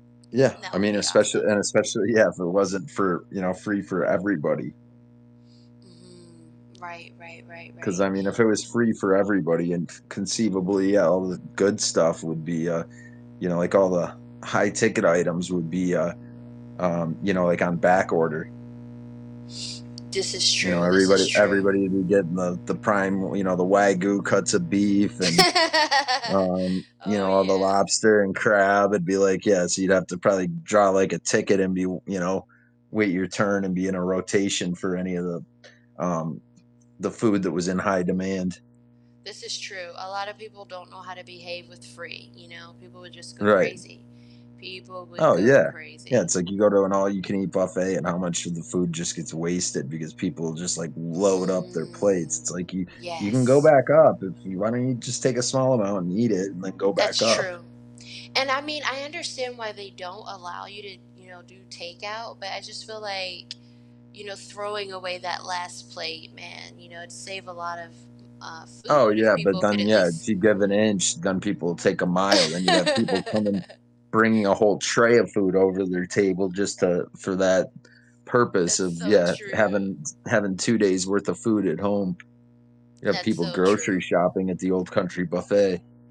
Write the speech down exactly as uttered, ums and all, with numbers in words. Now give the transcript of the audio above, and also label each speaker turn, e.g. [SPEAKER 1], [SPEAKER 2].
[SPEAKER 1] Yeah,
[SPEAKER 2] That
[SPEAKER 1] I
[SPEAKER 2] would
[SPEAKER 1] mean,
[SPEAKER 2] be
[SPEAKER 1] especially
[SPEAKER 2] awesome.
[SPEAKER 1] and especially yeah, if it wasn't for you know, free for everybody.
[SPEAKER 2] Mhm, right, right, right,
[SPEAKER 1] 'Cause, I
[SPEAKER 2] right.
[SPEAKER 1] mean, if it was free for everybody and conceivably, eh, all the good stuff would be, uh, you know, like, all the high ticket items would be, uh um, you know, like, on back order.
[SPEAKER 2] This is
[SPEAKER 1] You know,
[SPEAKER 2] true, this
[SPEAKER 1] everybody
[SPEAKER 2] is true.
[SPEAKER 1] everybody would be getting the the prime w you know, the Wagyu cuts of beef and um, you
[SPEAKER 2] Oh,
[SPEAKER 1] know, all the
[SPEAKER 2] yeah.
[SPEAKER 1] lobster and crab. It'd be like, yeah, so you'd have to probably draw, like, a ticket and be w you know, wait your turn and be in a rotation for any of the, um, the food that was in high demand.
[SPEAKER 2] This is true, a lotta people don't know how to behave with free, you know? People would just go
[SPEAKER 1] Right.
[SPEAKER 2] crazy. People would
[SPEAKER 1] Oh,
[SPEAKER 2] go
[SPEAKER 1] yeah. Yeah,
[SPEAKER 2] crazy.
[SPEAKER 1] it's like you go to an all-you-can-eat buffet, and how much of the food just gets wasted because people just, like, load up their plates. It's
[SPEAKER 2] Mm,
[SPEAKER 1] like you you can go
[SPEAKER 2] yes.
[SPEAKER 1] back up if you why don't you just take a small amount and eat it and then go back
[SPEAKER 2] That's
[SPEAKER 1] up?
[SPEAKER 2] true, and, I mean, I understand why they don't allow you to, you know, do takeout, but I just feel like, you know, throwing away that last plate, man, you know, it'd save a lot of, uh,
[SPEAKER 1] Oh,
[SPEAKER 2] food if
[SPEAKER 1] yeah, but
[SPEAKER 2] people could
[SPEAKER 1] then
[SPEAKER 2] at
[SPEAKER 1] yeah, if
[SPEAKER 2] least
[SPEAKER 1] you give an inch, then people take a mile, then you'd have people come and bringing a whole tray of food over their table just to for that purpose
[SPEAKER 2] That's
[SPEAKER 1] of
[SPEAKER 2] so
[SPEAKER 1] yeah,
[SPEAKER 2] true.
[SPEAKER 1] having having two days worth of food at home. You have
[SPEAKER 2] That's
[SPEAKER 1] people
[SPEAKER 2] so
[SPEAKER 1] grocery
[SPEAKER 2] true.
[SPEAKER 1] shopping at the Old Country Buffet.